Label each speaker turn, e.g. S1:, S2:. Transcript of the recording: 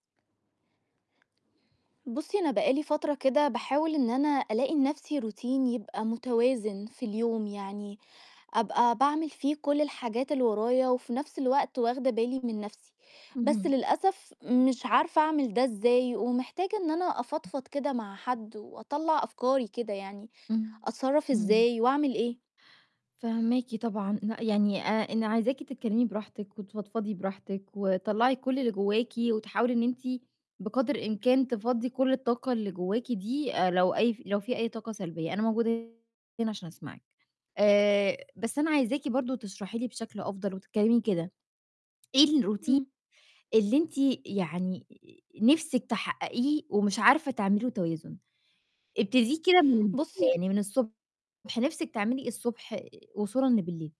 S1: بُصّي، أنا بقى لي فترة كده باحاول إن أنا ألاقي لنَفْسي routine يبقى مُتوازِن في اليوم، يعني أبقى باعمِل فيه كُلّ الحاجات اللي ورايا، وفي نَفْس الوقت واخْدة بالي من نَفْسي، بس
S2: اهم.
S1: للأسف مش عارفة أعمِل ده إزاي ومحتاجة إن أنا أفضفض كده مع حد وأطلّع أفكاري كده يعني،
S2: إمم،
S1: أتصرّف
S2: إمم.
S1: إزاي وأعمل إيه؟
S2: فاهماكِ طبعًا، ن يعني آآ، أنا عايزاكِ تتكلّمي براحتِك وتفضفضي براحتِك وطلّعي كُلّ اللي جواكِ وتحاولي إن أنتِ بِقدر الإمكان تفضّي كُلّ الطاقة اللي جواكِ دي آآ، لو أي ف لو في أي طاقة سلبية أنا موجودة هنا عشان أسمعِك، آآ، بس أنا عايزاكِ برضه تشرحي لي بشكل أفضل وتتكلّمي كده إيه الroutine
S1: إمم.
S2: اللي أنتِ يعني نِفْسِك تحقَّقيه ومش عارفة تعملي له توازن، ابتديه كده من
S1: بُصّي
S2: يعني من الصُبح، نِفْسِك تعملي إيه الصُبح وصولًا لبِالِليل؟